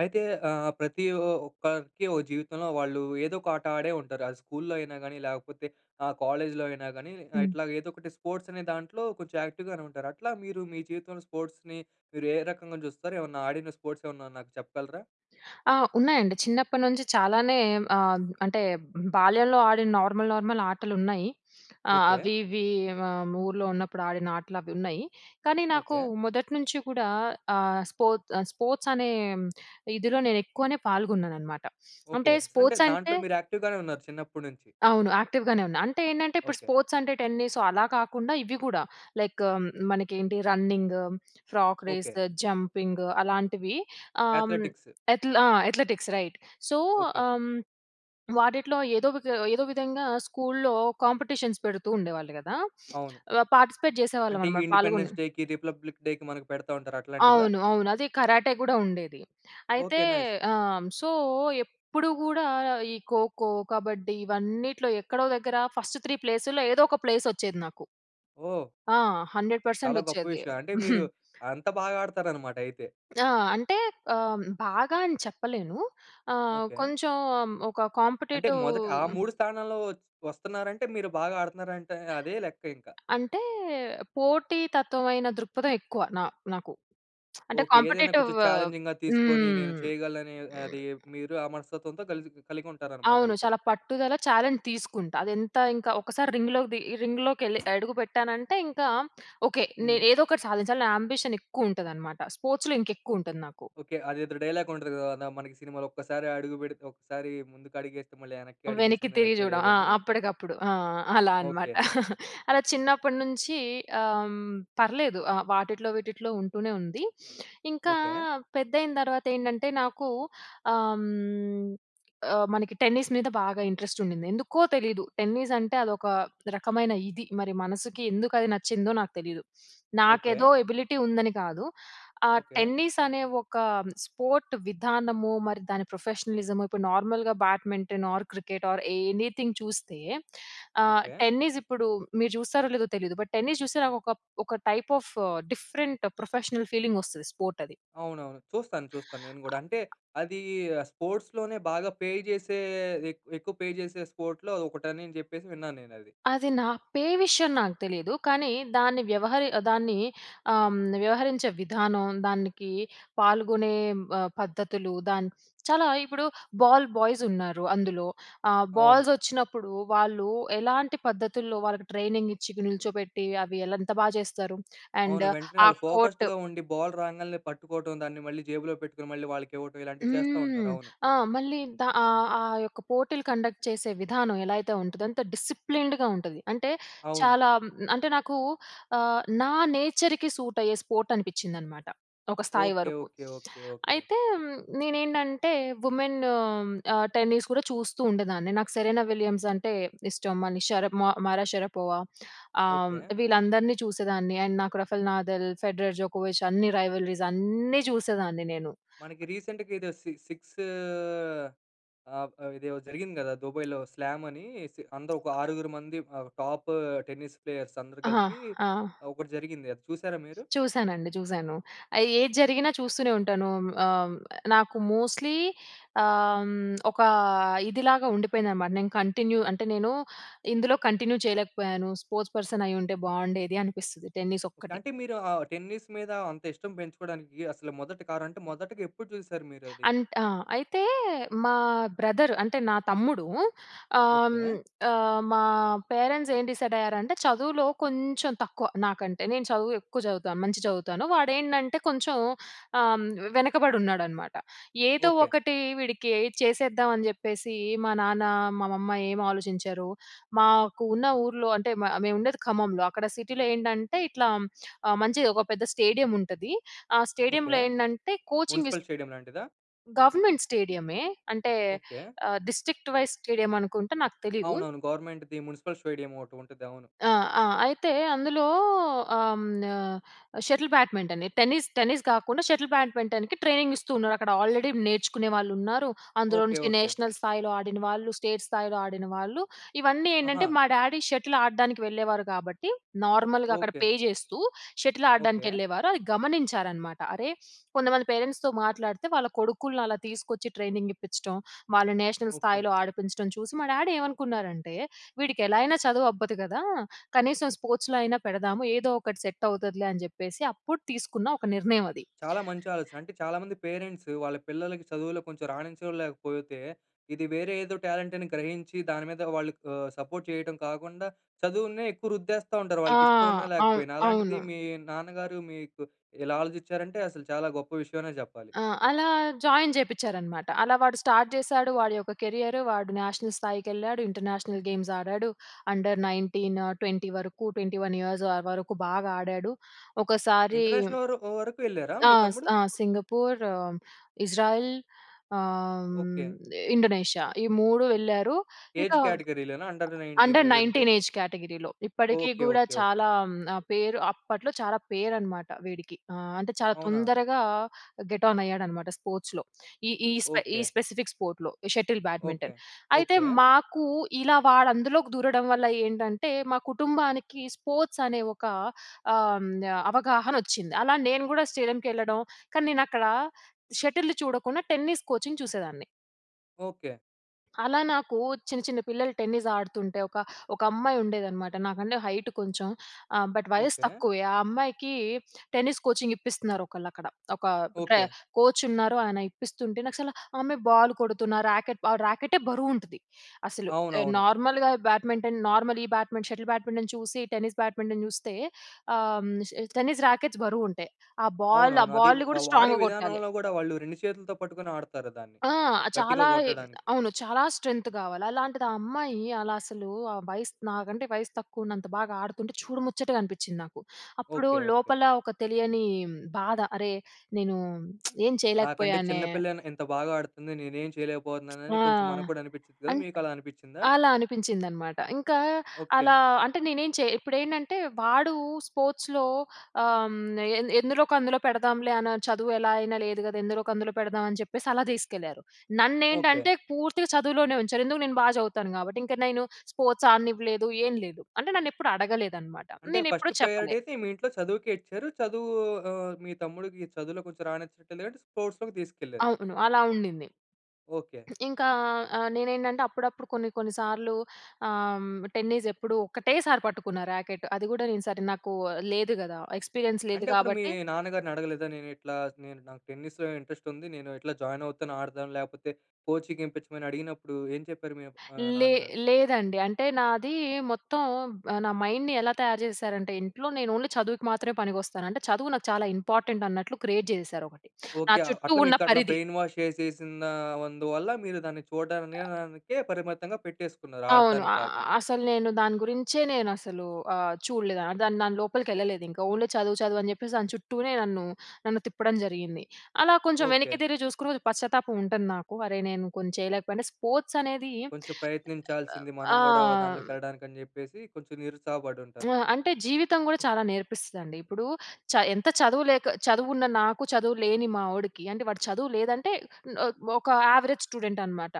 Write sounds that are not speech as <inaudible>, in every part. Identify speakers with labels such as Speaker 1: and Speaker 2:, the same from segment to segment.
Speaker 1: అయితే ఆహ్, ప్రతి ఒక్కరికి ఒక జీవితంలో, వాళ్ళు ఏదో ఒక ఆట ఆడే ఉంటారు. అది స్కూల్‌లో అయినా గాని, లేకపోతే ఆహ్, కాలేజ్‌లో అయినా గాని,
Speaker 2: హ్మ్.
Speaker 1: ఇట్లా ఏదో ఒకటి స్పోర్ట్స్ అనే దాంట్లో కొంచెం యాక్టివ్‌ గానే ఉంటారు. అట్లా మీరు మీ జీవితంలో స్పోర్ట్స్‌ని మీరు ఏ రకంగా చూస్తారు? ఏమన్నా ఆడిన స్పోర్ట్స్ ఏమన్నా నాకు చెప్పగలరా?
Speaker 2: ఆ! ఉన్నాయండి. చిన్నప్పటి నుంచి చాలానే ఆహ్, అంటే బాల్యంలో ఆడిన నార్మల్, నార్మల్ ఆటలున్నాయి.
Speaker 1: ఓకే.
Speaker 2: అవి ఇవి ఆహ్, ఊర్లో ఉన్నప్పుడు ఆడిన ఆటలు అవి ఉన్నాయి. కానీ నాకు
Speaker 1: ఓకే.
Speaker 2: మొదటి నుంచి కూడా ఆహ్, స్పో ఆహ్, స్పోర్ట్స్ అనే ఇదిలో, నేను ఎక్కువనే పాల్గొన్నాను అనమాట.
Speaker 1: ఓకే.
Speaker 2: అంటే
Speaker 1: అంటే
Speaker 2: స్పోర్ట్స్ అంటే
Speaker 1: దాంట్లో మీరు యాక్టివ్‌ గానే ఉన్నారు, చిన్నప్పటినుంచి.
Speaker 2: అవును యాక్టివ్‌ గానే ఉన్నా. అంటే ఏంటంటే, ఇప్పుడు
Speaker 1: ఓకే.
Speaker 2: స్పోర్ట్స్ అంటే, టెన్నిస్ అలా కాకుండా, ఇవి కూడా లైక్ మన ఏంటి running, frog
Speaker 1: okay.
Speaker 2: Race, jumping అలాంటివి ఆహ్,
Speaker 1: అథ్లెటిక్స్.
Speaker 2: అథ్లె ఆ! Athletics right. So,
Speaker 1: okay.
Speaker 2: ఆహ్, వాటిట్లో ఏదో వి ఏదో విధంగా, స్కూల్‌లో కాంపిటీషన్స్ పెడుతూ ఉండేవాళ్ళు కదా!
Speaker 1: అవును.
Speaker 2: ఆహ్, పార్టిసిపేట్ చేసేవాళ్ళం
Speaker 1: అంటే,
Speaker 2: అన్నమాట. పాల్గొని.
Speaker 1: ఇండిపెండెన్స్ డేకి, రిపబ్లిక్ డేకి, మనకు పెడతా ఉంటారు అట్లాంటివా?
Speaker 2: అవును. అవును. అది కరాటే కూడా ఉండేది. అయితే
Speaker 1: ఓకే. నైస్.
Speaker 2: ఆ! సో, ఎప్పుడు కూడా ఈ ఖోఖో, కబడ్డీ ఇవన్నిట్లో ఎక్కడో దగ్గర ఫస్ట్ 3 ప్లేసుల్లో, ఏదో ఒక ప్లేస్ వచ్చేది నాకు.
Speaker 1: ఓహ్!
Speaker 2: ఆ! 100%
Speaker 1: చాలా గొప్ప
Speaker 2: ఒచ్చేది.
Speaker 1: విషయం. అంటే, మీరు
Speaker 2: <chuckles>
Speaker 1: అంత బాగా ఆడతారు అన్నమాట, అయితే.
Speaker 2: ఆ! అంటే ఆహ్, బాగా అని చెప్పలేను. ఆహ్,
Speaker 1: ఓకే.
Speaker 2: కొంచెం ఒక
Speaker 1: అంటే
Speaker 2: కాంపీటేటివ్.
Speaker 1: మొదటి ఆ 3 స్థానాల్లో వ వస్తున్నారంటే, మీరు బాగా ఆడుతున్నారంటే, అదే లెక్క ఇంకా.
Speaker 2: అంటే, పోటీతత్వమైన దృక్పథం ఎక్కువ నా నాకు. అంటే
Speaker 1: ఓకే. ఏదైనా
Speaker 2: కాంపీటేటివ్.
Speaker 1: కొంచెం చాలెంజింగ్‌గా తీసుకొని, నేను
Speaker 2: హ్మ్.
Speaker 1: చేయగలననే అది, మీరు ఆ మనస్తత్వంతో కలిసి కలిగి ఉంటారన్నమాట.
Speaker 2: అవును.
Speaker 1: అయితే.
Speaker 2: చాలా పట్టుదల చాలెంజ్ తీసుకుంటా. అది ఎంత ఇంకా, ఒకసారి రింగ్‌ లోకి ది రింగ్‌ లోకి వెళ్ళి అడుగుపెట్టానంటే ఇంకా ఓకే,
Speaker 1: హ్మ్.
Speaker 2: నేను ఏదో ఒకటి సాధించాలి. నా యాంబిషన్ ఎక్కువ ఉంటది అన్నమాట. స్పోర్ట్స్‌లో ఇంకా ఎక్కువ ఉంటది నాకు.
Speaker 1: ఓకే. అదేదో డైలాగ్ ఉంటది కదా! మనకు సినిమాలో, "ఒక్కసారి అడుగు పెడితే, ఒకసారి ముందుకు అడిగేస్తే, మళ్ళీ వెనక్కి
Speaker 2: వెనక్కి
Speaker 1: అడిగేసింది
Speaker 2: తిరిగి
Speaker 1: అన్నట్టే
Speaker 2: చూడం. ఆ!
Speaker 1: లేదని."
Speaker 2: అప్పటికప్పుడు ఆ! అలా అన్నమాట.
Speaker 1: ఓకే.
Speaker 2: <chuckles> అలా చిన్నప్పటి నుంచి ఆహ్, పర్లేదు ఆహ్, వాటిట్లో, వీటిట్లో ఉంటూనే ఉంది. ఇంకా
Speaker 1: ఓకే.
Speaker 2: పెద్దయిన తర్వాత ఏంటంటే, నాకు ఆహ్, ఆహ్, మనకి టెన్నిస్ మీద బాగా ఇంట్రెస్ట్ ఉండింది. ఎందుకో తెలీదు. టెన్నిస్ అంటే అదొక రకమైన ఇది. మరి మనసుకి ఎందుకు అది నచ్చిందో, నాకు తెలీదు. నాకేదో
Speaker 1: ఓకే.
Speaker 2: ఎబిలిటీ ఉందని కాదు. ఆహ్,
Speaker 1: ఓకే.
Speaker 2: టెన్నిస్ అనే ఒక స్పోర్ట్ విధానమో, మరి దాని ప్రొఫెషనలిజమో, ఇప్పుడు నార్మల్‌గా badminton or cricket or anything చూస్తే ఆహ్,
Speaker 1: ఓకే.
Speaker 2: టెన్నిస్ ఇప్పుడు మీరు చూస్తారో లేదో తెలియదు. బట్ టెన్నిస్ చూస్తే నాకు ఒక, ఒక type of different professional feeling వస్తది స్పోర్ట్ అది.
Speaker 1: అవునవును. చూస్తాను. చూస్తాను. నేను కూడా అంటే అది స్పోర్ట్స్‌ లోనే, బాగా పే చేసే ఎక్కు ఎక్కువ పే చేసే స్పోర్ట్‌లో ఒకటని, అని చెప్పేసి విన్నాను నేను అది.
Speaker 2: అది నా పే విషయం నాకు తెలీదు. కానీ దాన్ని వ్యవహరి దాన్ని ఆహ్, వ్యవహరించే విధానం దానికి పాల్గొనే ఆహ్, పద్ధతులు, దాని చాలా ఇప్పుడు బాల్ బాయ్స్ ఉన్నారు. అందులో ఆహ్,
Speaker 1: అవును.
Speaker 2: బాల్స్ వచ్చినప్పుడు వాళ్ళు ఎలాంటి పద్ధతుల్లో, వాళ్ళకి ట్రైనింగ్ ఇచ్చి, నిల్చోబెట్టి, అవి ఎలా ఎంత బాగ చేస్తారు. అండ్
Speaker 1: అవును. వెంటనే
Speaker 2: ఆ
Speaker 1: వాళ్ళు
Speaker 2: కో‌ర్ట్
Speaker 1: ఫోకస్డ్‌గా ఉండి. బాల్ రాంగానే పట్టుకోవటం, దాన్ని మళ్ళీ జేబులో పెట్టుకొని, మళ్ళీ వాళ్ళకి ఇవ్వటం. ఇలాంటివి చేస్తా ఉంటారు.
Speaker 2: హ్మ్.
Speaker 1: అవును.
Speaker 2: ఆ! మళ్ళీ దా ఆహ్, ఆ యొక్క పోటీలు కండక్ట్ చేసే విధానం, ఎలా అయితే ఉంటుందో, అంత డిసిప్లిన్డ్‌గా ఉంటది. అంటే
Speaker 1: అవును.
Speaker 2: చాలా అంటే నాకు ఆహ్, నా నేచర్‌కి సూట్ అయ్యే స్పోర్ట్ అనిపించిందనమాట. ఒక స్థాయి
Speaker 1: ఓకే.
Speaker 2: వరకు.
Speaker 1: ఓకే. ఓకే. ఓకే.
Speaker 2: అయితే నేను ఏంటంటే, విమెన్ ఆహ్, టెన్నిస్ కూడా చూస్తూ ఉండేదాన్ని. నాకు 'సెరెనా విలియమ్స్' అంటే ఇష్టం. మళ్ళీ షరామా 'మరియా షరపోవా' ఆహ్,
Speaker 1: ఓకే.
Speaker 2: వీళ్ళందరినీ చూసేదాన్ని అండ్ నాకు 'రఫెల్ నాదల్,' 'ఫెడరర్,' 'జోకోవిచ్' అన్ని రైవలరీస్ అన్నీ చూసేదాన్ని నేను.
Speaker 1: మనకి రీసెంట్‌గా ఏదో సి సిక్స్ ఆహ్, ఇది ఇదో జరిగింది కదా! దుబాయ్‌లో స్లామ్ అనేసి. అందరు ఒక ఆరుగురు మంది ఆహ్, టాప్ టెన్నిస్ ప్లేయర్స్ అందరూ
Speaker 2: ఆ!
Speaker 1: కలిపి,
Speaker 2: ఆ!
Speaker 1: ఒకటి జరిగింది అది. చూసారా మీరు?
Speaker 2: చూసానండి. చూసాను. ఏది జరిగినా చూస్తూనే ఉంటాను. ఆహ్, నాకు మోస్ట్‌లీ ఆహ్, ఒక ఇదిలాగా ఉండిపోయిందన్నమాట. నేను కంటిన్యూ అంటే, నేను ఇందులో కంటిన్యూ చేయలేకపోయాను. స్పోర్ట్స్ పర్సన్ అయ్యి ఉంటే, బాగుండేది అనిపిస్తది టెన్నిస్ ఒక్కటి.
Speaker 1: అంటే మీరు ఆహ్, టెన్నిస్ మీద అంత ఇష్టం పెంచుకోవడానికి, అసలు మొదటి కరు అంటే, మొదటిగా ఎప్పుడు చూసారు? మీరు అది.
Speaker 2: అం‌త్ ఆహ్, అయితే మా బ్రదర్ అంటే నా తమ్ముడు ఆహ్,
Speaker 1: ఓకే.
Speaker 2: ఆహ్, మా పేరెంట్స్ ఏం డిసైడ్ అయ్యారంటే, చదువులో కొంచెం తక్కువ నాకంటే. నేను చదువు ఎక్కువ చదువుతాను, మంచి‌గా చదువుతాను. వాడు ఏంటంటే, కొంచెం ఆహ్, వెనకబడి ఉన్నాడనమాట. ఏదో
Speaker 1: ఓకే.
Speaker 2: ఒకటి వీడికి చేసేద్దాం, అని చెప్పేసి మా నాన్న మా మమ్మా ఏం ఆలోచించారు? మాకు ఉన్న ఊర్లో అంటే, మా మేము ఉండేది ఖమ్మంలో. అక్కడ సిటీలో ఏంటంటే, ఇట్లా ఆహ్, మంచి‌గా ఒక పెద్ద స్టేడియం ఉంటది. ఆ
Speaker 1: ఓకే.
Speaker 2: స్టేడియంలో ఏంటంటే, కోచింగ్ ఇస్తూ
Speaker 1: మున్సిపల్ స్టేడియం లాంటిదా?
Speaker 2: గవర్నమెంట్ స్టేడియమే అంటే
Speaker 1: ఓకే.
Speaker 2: ఆహ్, డిస్ట్రిక్ట్ వైస్ స్టేడియం అనుకుంట నాకు తెలీదు.
Speaker 1: అవునవును. గవర్నమెంట్‌ది మున్సిపల్ స్టేడియం ఒకటి ఉంటది. అవును.
Speaker 2: ఆ! ఆ! అయితే అందులో ఆహ్, షటిల్ బ్యాడ్మింటన్ టెన్నిస్, టెన్నిస్ కాకుండా షటిల్ బ్యాడ్మింటన్‍కి ట్రైనింగ్ ఇస్తూ ఉన్నారు .అక్కడ ఆల్రెడీ నేర్చుకునే వాళ్ళు ఉన్నారు. అందులో
Speaker 1: ఓకే.
Speaker 2: నుంచి
Speaker 1: ఓకే.
Speaker 2: నేషనల్ స్థాయిలో ఆడిన వాళ్ళు, స్టేట్ స్థాయిలో ఆడిన వాళ్ళు, ఇవన్నీ ఏంటంటే,
Speaker 1: అహా!
Speaker 2: మా డాడీ షటిల్ ఆడడానికి వెళ్ళేవారు. కాబట్టి, నార్మల్‍గా అక్కడ
Speaker 1: ఓకే.
Speaker 2: పే చేస్తూ, షటిల్ ఆడడానికి
Speaker 1: ఓకే.
Speaker 2: వెళ్ళేవారు. అది గమనించారన్నమాట. అరే, కొంతమంది పేరెంట్స్‌తో మాట్లాడితే, వాళ్ళ కొడుకుల్ని అలా తీసుకొచ్చి, ట్రైనింగ్ ఇప్పించడం. వాళ్ళు నేషనల్
Speaker 1: ఓకే.
Speaker 2: స్థాయిలో ఆడిపించడం చూసి, మా డాడీ ఏమనుకున్నారంటే, "వీడికి ఎలా అయినా చదువు అబ్బదు కదా! కనీసం స్పోర్ట్స్‌లో అయినా పెడదాము. ఏదో ఒకటి సెట్ అవుతుందిలే," అని చెప్పేసి అప్పుడు తీసుకున్న ఒక నిర్ణయం అది.
Speaker 1: చాలా మంచి ఆలోచన. అంటే చాలా మంది పేరెంట్స్, వాళ్ళ పిల్లలకి చదువులో కొంచెం రాణించంలేకపోతే, ఇది వేరే ఏదో టాలెంట్ అని గ్రహించి, దాని మీద వాళ్ళు ఆహ్, సపోర్ట్ చేయటం కాకుండా, చదువునే ఎక్కువ రుద్దేస్తా ఉంటారు.
Speaker 2: ఆ!
Speaker 1: వాళ్ళకి ఇష్టం ఉన్నా,
Speaker 2: అవును.
Speaker 1: లేకపోయినా. అలాంటిది
Speaker 2: అవును.
Speaker 1: మీ నాన్నగారు మీకు ఇలా ఆలోచించారంటే, అసలు చాలా గొప్ప విషయం అనే చెప్పాలి.
Speaker 2: ఆ! అలా జాయిన్ చేపిచ్చారనమాట. అలా వాడు స్టార్ట్ చేశాడు, వాడి యొక్క కెరియర్ వాడు నేషనల్ స్థాయికి ఏళ్ళాడు. ఇంటర్నేషనల్ గేమ్స్ ఆడాడు. అండర్ 19, 20 వరకు 21 ఇయర్స్ వరకు బాగా ఆడాడు. ఒకసారి
Speaker 1: ఇంటర్నేషనల్ వరు వరకు వెళ్ళారా
Speaker 2: ఆ!
Speaker 1: మీ తమ్ముడు?
Speaker 2: ఆ! సింగపూర్ ఇజ్రాయిల్ ఆహ్,
Speaker 1: ఓకే.
Speaker 2: ఇండోనేషియా ఈ 3 వెళ్లారు.
Speaker 1: ఏజ్
Speaker 2: ఇంకా
Speaker 1: కేటగిరీ‌ లోనా? అండర్ 19
Speaker 2: అండర్
Speaker 1: ఇవి ఉంటాయి.
Speaker 2: 19 ఏజ్ కేటగిరీలో. ఇప్పటికి
Speaker 1: ఓకే.
Speaker 2: కూడా
Speaker 1: ఓకే. ఓకే.
Speaker 2: చాలా పేరు అప్పట్లో చాలా పేరునమాట వీడికి ఆహ్, అంటే చాలా
Speaker 1: అవునా?
Speaker 2: తొందరగా గెట్ ఆన్ అయ్యాడనమాట స్పోర్ట్స్‌లో. ఈ ఈ స్ప ఈ
Speaker 1: ఓకే.
Speaker 2: స్పెసిఫిక్ స్పోర్ట్‌లో షటిల్
Speaker 1: ఓకే.
Speaker 2: బ్యాడ్మింటన్. అయితే,
Speaker 1: ఓకే.
Speaker 2: మాకు ఇలా వాడు అందులోకి దూరడం వల్ల ఏంటంటే, మా కుటుంబానికి స్పోర్ట్స్ అనే ఒక ఆహ్, అవగాహన వచ్చింది. అలా నేను కూడా స్టేడియంకి ఏళ్ళడం, కానీ నేను అక్కడ షటిల్ చూడకుండా టెన్నిస్ కోచింగ్ చూసేదాన్ని.
Speaker 1: ఓకే.
Speaker 2: అలా నాకు చిన్న, చిన్న పిల్లలు టెన్నిస్ ఆడుతుంటే ఒక, ఒక అమ్మాయి ఉండేదనమాట. నాకంటే హైట్ కొంచెం. ఆహ్, బట్ వయసు
Speaker 1: ఓకే.
Speaker 2: తక్కువే. ఆ అమ్మాయికి టెన్నిస్ కోచింగ్ ఇప్పిస్తున్నారు, ఒకళ్ళు అక్కడ. ఒక ట్ర
Speaker 1: ఓకే.
Speaker 2: కోచ్ ఉన్నారు. ఆయన ఇప్పిస్తుంటే నాకు అసలు ఆ అమ్మాయి బాల్ కొడుతున్న, రాకెట్ ఆ రాకేట్టే బరువు ఉంటది. అసలు
Speaker 1: అవునవును.
Speaker 2: నార్మల్‍గా బ్యాడ్మింటన్ నార్మల్ ఈ బ్యాట్మింటన్ షటిల్ బ్యాడ్మింటన్ చూసి టెన్నిస్ బ్యాడ్మింటన్ చూస్తే ఆహ్, టెన్నిస్ రాకెట్స్ బరువు ఉంటాయి. ఆ బాల్ ఆ
Speaker 1: అవునవును. అది
Speaker 2: బాల్‍ని
Speaker 1: వా
Speaker 2: కూడా
Speaker 1: వాడే
Speaker 2: స్ట్రాంగ్‌గా కొట్టాలి.
Speaker 1: విధానంలో కూడా వాళ్ళు, 2 చేతులతో పట్టుకొని ఆడుతారు దాన్ని.
Speaker 2: ఆ!
Speaker 1: గట్టిగా
Speaker 2: చాలా
Speaker 1: కొట్టడానికి.
Speaker 2: అవును. చాలా స్ట్రెంగ్త్ కావాలి. అలాంటిది, ఆ అమ్మాయి అలా అసలు, ఆ వయసు నాకంటే వయసు తక్కువ ఉన్నంత బాగా ఆడుతుంటే, చూడు ముచ్చటగా అనిపించింది నాకు. అప్పుడు
Speaker 1: ఓకే. ఓకే.
Speaker 2: లోపల ఒక తెలియని బాధ. అరే నేను <smacks lips> ఏం
Speaker 1: నాకంటే
Speaker 2: చేయలేకపోయానే
Speaker 1: చిన్న పిల్లైన ఇంత బాగా ఆడుతుంది. నేనేం చేయలేకపోతున్నాను. అని
Speaker 2: ఆ!
Speaker 1: కొంచెం మనకు కూడా అనిపి‌చిద్ది కదా!
Speaker 2: అన్
Speaker 1: మీకు అలా అనిపించిందా?
Speaker 2: అలా అనిపించిందనమాట. ఇంకా
Speaker 1: ఓకే.
Speaker 2: అలా అంటే, నేనేం చే ఇప్పుడేంటంటే, వాడు స్పోర్ట్స్‌లో ఆహ్, ఎ ఎందులోక అందులో పెడదాంలే, అని చదువు ఎలా అయినా లేదు కదా! ఎందులోక అందులో పెడదాం, అని చెప్పేసి అలా తీసుకెళ్లారు.
Speaker 1: ఓకే.
Speaker 2: నన్నేంటంటే, పూర్తిగా చదువులోనే ఉంచారు. ఎందుకు? నేను బాగా చదువుతాను కాబట్టి. ఇంకా నేను స్పోర్ట్స్ ఆడనివ్వలేదు, ఏం లేదు. అంటే, నన్ను ఎప్పుడు అడగలేదనమాట.
Speaker 1: అంటే,
Speaker 2: నేను
Speaker 1: ఫస్ట్
Speaker 2: ఎప్పుడూ
Speaker 1: ప్రయారిటీ
Speaker 2: చెప్పలే.
Speaker 1: అయితే మీ ఇంట్లో చదువుకే ఇచ్చారు. చదువు ఆహ్, మీ తమ్ముడికి చదువులో కొంచెం రానిచ్చినట్లే లేదంటే స్పోర్ట్స్‌లోకి తీసుకెళ్లారు.
Speaker 2: అవును. అలా ఉండింది.
Speaker 1: ఓకే.
Speaker 2: ఇంకా ఆహ్, నేనేంటంటే అప్పుడప్పుడు కొన్ని, కొన్ని సార్లు ఆహ్, టెన్నిస్ ఎప్పుడూ ఒకటే‌సారి పట్టుకున్న రాకెట్. అది కూడా నేను సరే, నాకు లేదు కదా! ఎక్స్పీరియన్స్ లేదు.
Speaker 1: అంటే, అప్పుడు మీ
Speaker 2: కాబట్టి
Speaker 1: నాన్నగారిని అడగలేదా? నేను ఇట్లా నేను నాకు టెన్నిస్‌లో ఇంట్రెస్ట్ ఉంది. నేను ఇట్లా జాయిన్ అవుతాను, ఆడతాను. లేకపోతే కోచింగ్ ఇ‌పించమని అడిగినప్పుడు ఏం చెప్పారు మీ ఆహ్,
Speaker 2: లే
Speaker 1: నాన్నగారు?
Speaker 2: లేదండి. అంటే, నాది మొత్తం నా మైండ్‌ని ఎలా తయారు చేశారంటే, ఇంట్లో, నేను ఓన్లీ చదువుకి మాత్రమే పనికొస్తాను. అంటే, చదువు నాకు చాలా ఇంపార్టెంట్ అన్నట్లు క్రియేట్ చేసేసారు ఒకటి. నా
Speaker 1: ఓకే.
Speaker 2: చుట్టూ
Speaker 1: అట్లా
Speaker 2: ఉన్న
Speaker 1: మీకు అట్లా
Speaker 2: పరిధి.
Speaker 1: బ్రెయిన్ వాష్ చేసేసిన అందువల్ల, మీరు దాన్ని చూడనికే <unintelligible> పరిమితంగా పెట్టేసుకున్నారు.
Speaker 2: అవును.
Speaker 1: ఆడటానికి
Speaker 2: ఆహ్,
Speaker 1: కాకుండా.
Speaker 2: అసలు నేను దాని గురించే, నేను అసలు ఆహ్, చూడలేదు. దాని దాని లోపలికెళ్ళలేదు. ఇంకా ఓన్లీ చదువు, చదువు అని చెప్పేసి దాని చుట్టూనే నన్ను, నన్ను తిప్పడం జరిగింది. అలా కొంచెం వెనక్కి
Speaker 1: ఓకే.
Speaker 2: తిరిగి చూసుకొని, అది పశ్చాత్తాపం ఉంటంది నాకు. అరే! నేను కొం చేయలేకపోయ. స్పోర్ట్స్ అనేది
Speaker 1: కొంచెం ప్రయత్నించాల్సింది మనం
Speaker 2: ఆ!
Speaker 1: కూడా, దాంట్లోకి ఎళ్ళడానికి, అని చెప్పేసి కొంచెం నిరుత్సాహపడి ఉంటారు.
Speaker 2: ఆ! అంటే జీవితం కూడా చాలా నేర్పిస్తదండి. ఇప్పుడు చ ఎంత చదువు లేక చదువు ఉన్న నాకు చదువు లేని మా‌వొ‌డికి, అంటే వాడు చదువు లేదంటే, న్‌‌ ఒక యావరేజ్ స్టూడెంట్ అనమాట.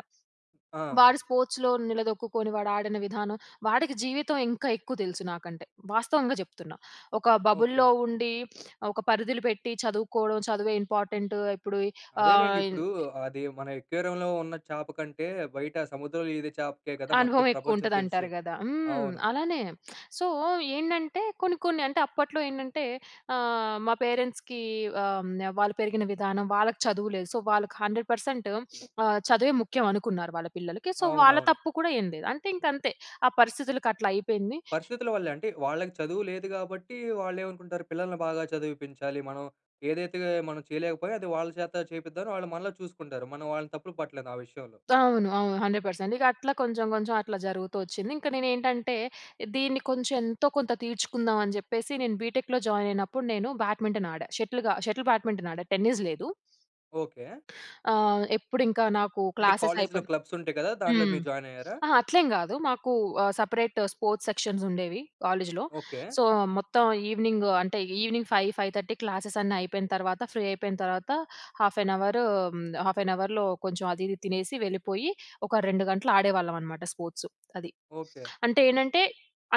Speaker 1: ఆ! అవును.
Speaker 2: వాడు స్పోర్ట్స్‌లో నిలదొక్కుకొని, వాడు ఆడిన విధానం, వాడికి జీవితం ఇంకా ఎక్కువ తెలుసు నాకంటే. వాస్తవంగా చెప్తున్నా. ఒక
Speaker 1: ఓకే.
Speaker 2: బబుల్‌లో ఉండి, <sniffs> ఒక పరిధులు పెట్టి, చదువుకోవడం, చదువే ఇంపార్టెంటు ఇప్పుడు
Speaker 1: అదేలెండి.
Speaker 2: ఆహ్, ఇన్
Speaker 1: ఇప్పుడు అది మన అక్వేరియంలో ఉన్న చేప కంటే, బయట సముద్రంలో ఈదే చేపకే కదా! మొత్తం
Speaker 2: అనుభవం ఎక్కువ
Speaker 1: ప్రపంచం
Speaker 2: ఉంటది,
Speaker 1: తెలుసు.
Speaker 2: అంటారు కదా! హ్మ్.
Speaker 1: అవును.
Speaker 2: అలానే. సో, ఏంటంటే కొన్ని, కొన్ని అంటే, అప్పట్లో ఏంటంటే? ఆహ్, మా పేరెంట్స్‌కి ఆహ్, వాళ్ళు పెరిగిన విధానం వాళ్ళకి చదువు లేదు. సో, వాళ్ళకి 100% <sniffs> ఆహ్, చదువే ముఖ్యం అనుకున్నారు వాళ్ళ పిల్లలకి. సో, వాళ్ళ
Speaker 1: అవునవును.
Speaker 2: తప్పు కూడా ఏం లేదు. అంటే ఇంక అంతే, ఆ పరిస్థితులకి అట్లా అయిపోయింది.
Speaker 1: పరిస్థితుల వల్లే అంటే, వాళ్ళకి చదువు లేదు కాబట్టి, వాళ్ళు ఏమనుకుంటారు? పిల్లల్ని బాగా చదివిపించాలి. మనం ఏదైతే మనం చేయలేకపోయా అది వాళ్ళ చేత చేపిద్దాం. వాళ్ళు మనలో చూసుకుంటారు. మనం వాళ్ళని తప్పులు పట్టలేదు ఆ విషయంలో.
Speaker 2: అవును. అవును. 100% ఇక అట్లా కొంచెం, కొంచెం అట్లా జరుగుతూ వచ్చింది. ఇంక నేను ఏంటంటే, దీన్ని కొంచెం ఎంతో కొంత తీర్చుకుందాం, అని చెప్పేసి నేను బి‌టెక్‌లో జాయిన్ అయినప్పుడు నేను బ్యాడ్మింటన్ ఆడా. షటిల్ క షటిల్ బ్యాడ్మింటన్ ఆడా. టెన్నిస్ లేదు.
Speaker 1: ఓకే.
Speaker 2: ఆహ్, ఎప్పుడు ఇంకా నాకు
Speaker 1: అంటే
Speaker 2: క్లాసెస్
Speaker 1: కాలేజ్‌లో
Speaker 2: అయిపోన్
Speaker 1: క్లబ్స్ ఉంటాయి కదా! దాంట్లో
Speaker 2: హ్మ్.
Speaker 1: మీరు జాయిన్ అయ్యారా?
Speaker 2: అహా! అట్లేం కాదు. మాకు ఆహ్, సెపరేట్ స్పోర్ట్స్ సెక్షన్స్ ఉండేవి కాలేజ్‌లో.
Speaker 1: ఓకే.
Speaker 2: సో, మొత్తం ఈవినింగ్ అంటే, ఈవినింగ్ 5, 5:30 క్లాసెస్ అన్నీ అయిపోయిన తర్వాత, ఫ్రీ అయిపోయిన తర్వాత, half an hour, half an అవర్‍లో కొంచెం, అది ఇది తినేసి వెళ్ళిపోయి, ఒక 2 గంటలు ఆడేవాళ్ళం అనమాట స్పోర్ట్స్. అది.
Speaker 1: ఓకే.
Speaker 2: అంటే ఏంటంటే,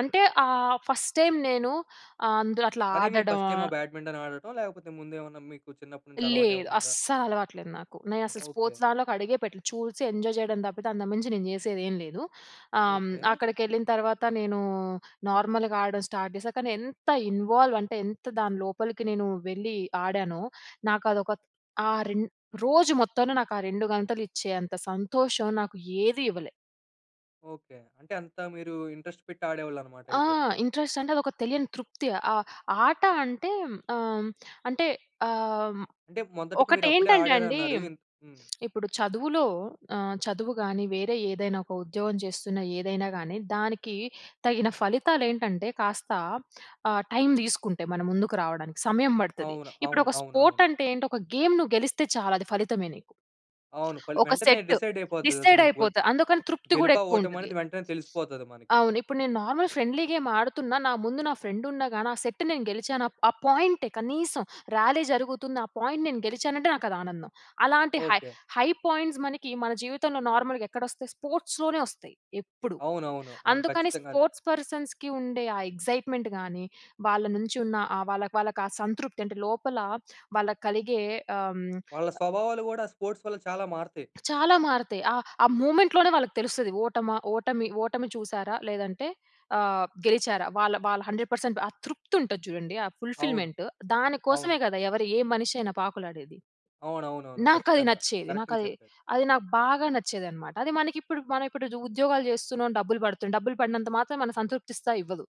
Speaker 2: అంటే, ఆహ్, ఫస్ట్ టైమ్ నేను ఆహ్, అందులో అట్లా
Speaker 1: అదే మీ
Speaker 2: ఆడడం
Speaker 1: ఫస్ట్ టైమా? బ్యాడ్మింటన్ ఆడటం. లేకపోతే ముందు ఏమన్నా, మీకు చిన్నప్పటి నుంచి అలవాటు
Speaker 2: లేదు.
Speaker 1: ఏమన్నా ఉందా?
Speaker 2: అస్సలు అలవాటు లేదు నాకు. నేను అసలు
Speaker 1: ఓకే.
Speaker 2: స్పోర్ట్స్ దాంట్లోకి అడుగే పెట్టలేదు. చూసి ఎంజాయ్ చేయడం తప్పితే, అంతకు మించి నేను చేసేది ఏమి లేదు. ఆహ్,
Speaker 1: ఓకే.
Speaker 2: అక్కడికి ఎళ్ళిన తర్వాత నేను నార్మల్‌గా ఆడడం స్టార్ట్ చేశా. కానీ ఎంత ఇన్వాల్వ్ అంటే, ఎంత దాని లోపలికి నేను వెళ్ళి ఆడానో, నాకు అదొక ఆ రె రోజు మొత్తంలో నాకు ఆ 2 గంటలు ఇచ్చేంత సంతోషం, నాకు ఏది ఇవ్వలే.
Speaker 1: ఓకే. అంటే అంత మీరు ఇంట్రెస్ట్ పెట్టి ఆడేవాళ్ళన్నమాట
Speaker 2: ఆ!
Speaker 1: అయితే.
Speaker 2: ఇంట్రెస్ట్ అంటే అదొక తెలియని తృప్తి ఆహ్, ఆట అంటే ఆ! హ్మ్ అంటే ఆ! హ్మ్.
Speaker 1: అంటే మొదటికి మీరు అప్పుడే
Speaker 2: ఒకటేంటంటే అండి
Speaker 1: ఆడారన్నారు ఇన్ హ్మ్.
Speaker 2: <smacks lips> ఇప్పుడు చదువులో ఆహ్, చదువు గాని, వేరే ఏదైనా ఒక ఉద్యోగం చేస్తున్న ఏదైనా గానీ, దానికి తగిన ఫలితాలు ఏంటంటే కాస్త ఆహ్, టైమ్ తీసుకుంటై మన ముందుకు రావడానికి సమయం పడుతది.
Speaker 1: అవునా,
Speaker 2: ఇప్పుడు
Speaker 1: అవును.
Speaker 2: ఒక స్పోర్ట్
Speaker 1: అవునవును.
Speaker 2: అంటే ఏంటి ఒక గేమ్ నువ్వు గెలిస్తే చాలు అది ఫలితమే నీకు.
Speaker 1: అవును. పలు
Speaker 2: ఒక
Speaker 1: వెంటనే
Speaker 2: సెట్
Speaker 1: డిసైడ్ అయిపోతది అది
Speaker 2: డిసైడ్
Speaker 1: నీకు వర్
Speaker 2: అయిపోతా అందుకని
Speaker 1: ఆ!
Speaker 2: తృప్తి కూడా
Speaker 1: గెలుపా,
Speaker 2: ఎక్కువ
Speaker 1: ఓటమి
Speaker 2: ఉంటది.
Speaker 1: అనేది వెంటనే
Speaker 2: <sniffs>
Speaker 1: తెలిసిపోతది మనకి.
Speaker 2: అవును. ఇప్పుడు నేను నార్మల్ ఫ్రెండ్లీ గేమ్ ఆడుతున్నా, నా ముందు నా ఫ్రెండ్ ఉన్నాగాని ఆ సెట్ నేను గెలిచాను ఆ పాయింటే, కనీసం ర్యాలీ జరుగుతుంది ఆ పాయింట్ నేను గెలిచానంటే నాకు అది ఆనందం. అలాంటి హై
Speaker 1: ఓకే.
Speaker 2: హై పాయింట్స్ మనకి మన జీవితంలో నార్మల్‌గా ఎక్కడ వస్తాయి స్పోర్ట్స్‌లోనే వస్తాయి, ఎప్పుడు.
Speaker 1: అవునవును. అవును.
Speaker 2: అందుకని
Speaker 1: ఖచ్చితంగా అద్
Speaker 2: స్పోర్ట్స్ పర్సన్స్‌కి ఉండే ఆ ఎగ్జైట్మెంట్‌గానీ వాళ్ళ నుంచి ఉన్న ఆహ్, వాళ్ళకి వాళ్ళకి ఆ సంతృప్తి అంటే లోపల వాళ్ళకి కలిగే ఆహ్, హ్మ్.
Speaker 1: వాళ్ళ స్వభావాలు కూడా స్పోర్ట్స్ వల్ల చాలా మారుతాయి.
Speaker 2: చాలా మారుతాయి. ఆహ్, ఆ మూవ్‌మెంట్‌లోనే వాళ్ళకి తెలుస్తది. ఓటమా, ఓటమి ఓటమి చూసారా, లేదంటే ఆహ్, గెలిచారా? వాళ్ళ వాళ్ళ 100% ఆ తృప్తి ఉంటది చూడండి, ఆ
Speaker 1: అవును.
Speaker 2: ఫుల్‌ఫిల్‌మెంట్ దాని కోసమే
Speaker 1: అవును.
Speaker 2: కదా! ఎవరు, ఏ మనిషి అయినా పాకులాడేది.
Speaker 1: అవునవునవును.
Speaker 2: నాకు అది
Speaker 1: ఖచ్చితంగా!
Speaker 2: నచ్చేది. నాకు
Speaker 1: కరెక్ట్‌‌‌‌‌‌‌‌గా
Speaker 2: అది,
Speaker 1: చెప్పారు.
Speaker 2: అది నాకు బాగా నచ్చేది అన్నమాట. అది మనకు ఇప్పుడు, మనం ఇప్పుడు ఇది ఉద్యోగాలు చేస్తున్నాం, డబ్బులు పడుతున్నాయి. డబ్బులు పడినంత మాత్రం మన సంతృప్తి ఇస్త‌‌దా! ఇవ్వదు.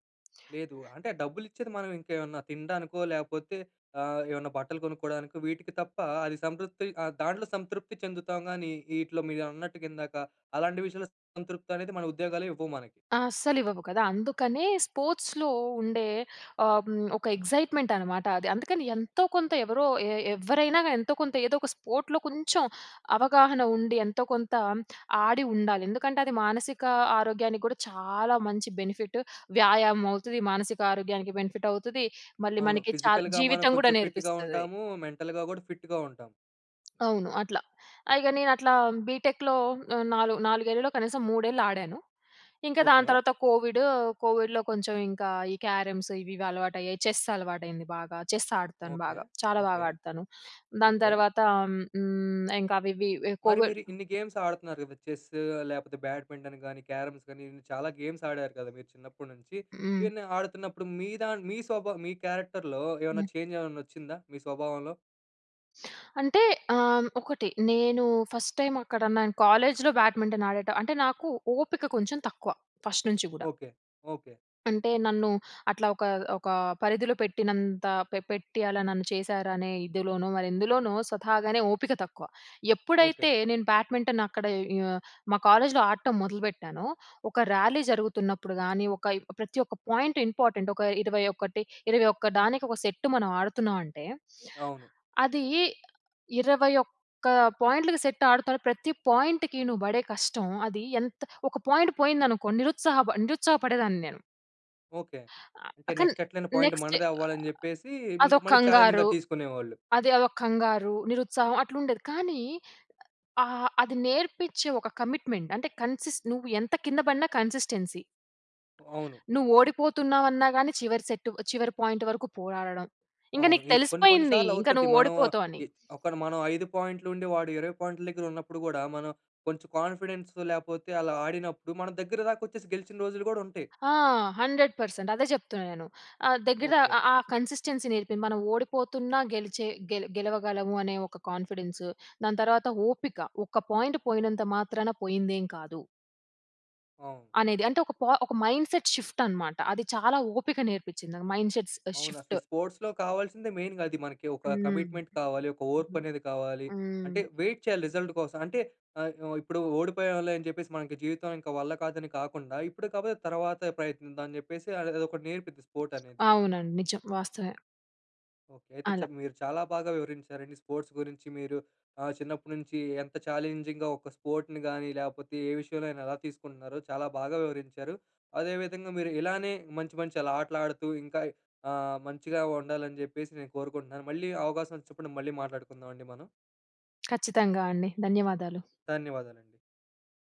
Speaker 1: లేదు. అంటే ఆ డబ్బులు ఇచ్చేది, మనం ఇంకేమన్నా తిండానికో ‌‌‌‌‌‌‌, లాకపోతే ఆహ్, ఏమైనా బట్టలు కొనుక్కోవడానికో, వీటికి తప్ప అది సంతృప్తి ఆహ్, దాంట్లో సంతృప్తి చెందుతాం కానీ వీటిలో, మీరన్నట్టుగా ఇందాక అలాంటి విషయంలో సంతృప్తి అనేది మన ఉద్యోగాలే ఇవ్వవు మనకి.
Speaker 2: అస్సలు ఇవ్వవు కదా! అందుకనే స్పోర్ట్స్‌లో ఉండే ఆహ్, హ్మ్. ఒక ఎగ్జైట్మెంట్ అనమాట అది. అందుకని ఎంతో కొంత ఎవరో ఏ ఎవ్వరైనా గాని ఎంతో కొంత ఏదో ఒక స్పోర్ట్‌లో కొంచెం అవగాహన ఉండి, ఎంతో కొంత ఆడి ఉండాలి. ఎందుకంటే, అది మానసిక ఆరోగ్యానికి కూడా చాలా మంచి బెనిఫిట్ వ్యాయామం అవుతుది, మానసిక ఆరోగ్యానికి బెనిఫిట్ అవుతుది. మళ్ళీ
Speaker 1: అవును.
Speaker 2: మనకి చాలా
Speaker 1: ఫిజికల్‌గా మనం
Speaker 2: జీవితం కూడా
Speaker 1: కొంచెం ఫిట్‌గా
Speaker 2: నేర్పిస్తది.
Speaker 1: ఉంటాము, మెంటల్‌గా కూడా ఫిట్‌గా ఉంటాం.
Speaker 2: అవును అట్లా. అ! ఇగ నేను అట్లా బీటెక్‍లో ఆ! నాలుగు 4 ఏళ్ళు కనీసం, 3 ఏళ్ళు ఆడాను. ఇంక దాని
Speaker 1: ఓకే.
Speaker 2: తర్వాత కోవిడ్. కోవిడ్‍లో కొంచెం ఇంక ఈ క్యారమ్స్ ఇవి ఇవి అలవాటయ్యాయి. చెస్ అలవాటైంది బాగా. చెస్ ఆడతాను
Speaker 1: ఓకే.
Speaker 2: బాగా. చాలా బాగా
Speaker 1: ఓకే.
Speaker 2: ఆడతాను. దాని
Speaker 1: ఓకే.
Speaker 2: తర్వాత హ్మ్, ఇంక అవి, ఇవి
Speaker 1: మరి
Speaker 2: కోవిడ్
Speaker 1: మీరు ఇన్ని గేమ్స్ ఆడుతున్నారు కదా, చెస్ లేకపోతే బ్యాడ్మింటన్ కానీ, క్యారమ్స్ కానీ, ఇన్ని చాలా గేమ్స్ ఆడారు కదా, మీరు చిన్నప్పుటి నుంచి.
Speaker 2: హ్మ్.
Speaker 1: ఇవన్నీ ఆడుతున్నప్పుడు మీ దా మీ స్వభావం మీ క్యారెక్టర్‌లో ఏమైనా
Speaker 2: హ్మ్.
Speaker 1: చేంజ్ ఏమైనా వచ్చిందా మీ స్వభావంలో?
Speaker 2: అంటే, ఆహ్, ఒకటి నేను ఫస్ట్ టైమ్ అక్కడ నేను కాలేజ్‌లో బ్యాడ్మింటన్ ఆడటం అంటే నాకు ఓపిక కొంచెం తక్కువ ఫస్ట్ నుంచి కూడా.
Speaker 1: ఓకే. ఓకే.
Speaker 2: అంటే నన్ను అట్లా ఒక ఒక పరిధిలో పెట్టినంత పె పెట్టి అలా నన్ను చేశారనే ఇదిలోనో, మరెందులోనో స్వతహాగానే ఓపిక తక్కువ.
Speaker 1: ఓకే.
Speaker 2: ఎప్పుడైతే నేను బ్యాడ్మింటన్ అక్కడ ఇ మా కాలేజ్‌లో ఆడటం మొదలుపెట్టానో, ఒక ర్యాలీ జరుగుతున్నప్పుడు గానీ, ఒక ఈ ప్రతి ఒక్క పాయింట్ ఇంపార్టెంట్. ఒక 21 ఇరవై ఒక్క దానికి, ఒక సెట్టు మనం ఆడుతున్నాం అంటే,
Speaker 1: అవును.
Speaker 2: అది ఇరవై ఒక్క పాయింట్‌లకి సెట్ ఆడుతా ప్రతి పాయింట్‌కి నువ్వు పడే కష్టం అది ఎంత ఒక పాయింట్ పోయిందనుకోండి, నిరుత్సాహప నిరుత్సాహపడేదాన్ని నేను.
Speaker 1: ఓకే. అంటే
Speaker 2: కానీ
Speaker 1: నెక్స్ట్ ఎట్లైనా పాయింట్
Speaker 2: నెక్స్ట్
Speaker 1: మనదే అవ్వాలి, అని చెప్పేసి ఇం
Speaker 2: అదొ
Speaker 1: మళ్ళీ ఛాలెంజింగ్‌గా
Speaker 2: కంగారు,
Speaker 1: తీసుకునేవాళ్ళు.
Speaker 2: అది అదొ కంగారు, నిరుత్సాహం అట్లా ఉండేది. కానీ ఆహ్, అది నేర్పించే ఒక కమిట్మెంట్, అంటే కన్సిస్ నువ్వు ఎంత కింద పడిన కన్సిస్టెన్సీ.
Speaker 1: అవును.
Speaker 2: నువ్వు ఓడిపోతున్నావు అన్నాగాని చివరి సెట్, చివరి పాయింట్ వరకు పోరాడడం. ఇంక
Speaker 1: అవును.
Speaker 2: నీకు
Speaker 1: ఇ కొన్ని, కొన్ని
Speaker 2: తెలిసిపోయింది.
Speaker 1: సార్లు
Speaker 2: ఇంక
Speaker 1: అవుతది.
Speaker 2: నువ్వు
Speaker 1: మనం
Speaker 2: ఓడిపోతావని.
Speaker 1: ఎద్ ఒకటి మనం 5 పాయింట్లు ఉండి, వాడు 20 పాయింట్ల దగ్గర ఉన్నప్పుడు కూడా మనం కొంచెం కాన్ఫిడెన్స్ లేకపోతే అలా ఆడినప్పుడు, మన దగ్గర దాక వచ్చేసి, గెలిచిన రోజులు కూడా ఉంటాయి.
Speaker 2: ఆ! 100% అదే చెప్తున్నా నేను. దగ్గర
Speaker 1: ఓకే.
Speaker 2: ఆహ్, ఆహ్, కన్సిస్టెన్సీ నేర్పి, మనం ఓడిపోతున్నా గెలిచే గె గెలవగలము అనే ఒక కాన్ఫిడెన్సు. దాని తర్వాత ఓపిక, ఒక పాయింట్ పోయినంత మాత్రాన పోయిందేమి కాదు...
Speaker 1: అవును.
Speaker 2: అనేది. అంటే ఒక ప ఒక మైండ్‌సెట్ షిఫ్ట్ అన్నమాట. అది చాలా ఓపిక నేర్పించింది. మైండ్‌సెట్
Speaker 1: అవును. అసలు
Speaker 2: షిఫ్ట్.
Speaker 1: ఈ స్పోర్ట్స్‌లో కావాల్సిందే మెయిన్‌గా అది మనకి. ఒక
Speaker 2: హ్మ్.
Speaker 1: కమిట్మెంట్ కావాలి. ఒక ఓర్పనేది కావాలి. అంటే
Speaker 2: హ్మ్.
Speaker 1: వెయిట్ చేయాలి రిజల్ట్ కోసం. అంటే ఆహ్, ఇప్పుడు ఓడిపోయాం‌లే అని చెప్పేసి మనకి జీవితం ఇంక వల్ల కాదని కాకుండా, ఇప్పుడు కాకపోతే తర్వాత ప్రయత్నిద్దాం అని చెప్పేసి అది అదొకటి నేర్పింది స్పోర్ట్ అనేది.
Speaker 2: అవునండి నిజం. వాస్తవమే.
Speaker 1: ఓకె. అయితే
Speaker 2: అలా.
Speaker 1: మీరు చాలా బాగా వివరించారండి స్పోర్ట్స్ గురించి. మీరు ఆహ్, చిన్నప్పటి నుంచి ఎంత ఛాలెంజింగ్‌గా ఒక స్పోర్ట్‌ని కానీ లేకపోతే ఏ విషయంలో అయినా, ఎలా తీసుకుంటున్నారో చాలా బాగా వివరించారు. అదే విధంగా మీరు ఇలానే మంచి, మంచి అలా ఆటలు ఆడుతూ ఇంకా ఆహ్, మంచిగా ఉండాలని చెప్పేసి నేను కోరుకుంటున్నాను. మళ్ళీ అవకాశం వచ్చినప్పుడు మళ్ళీ మాట్లాడుకుందామండి మనం.
Speaker 2: <clicks tongue> ఖచ్చితంగా అండి ధన్యవాదాలు.
Speaker 1: ధన్యవాదాలండి.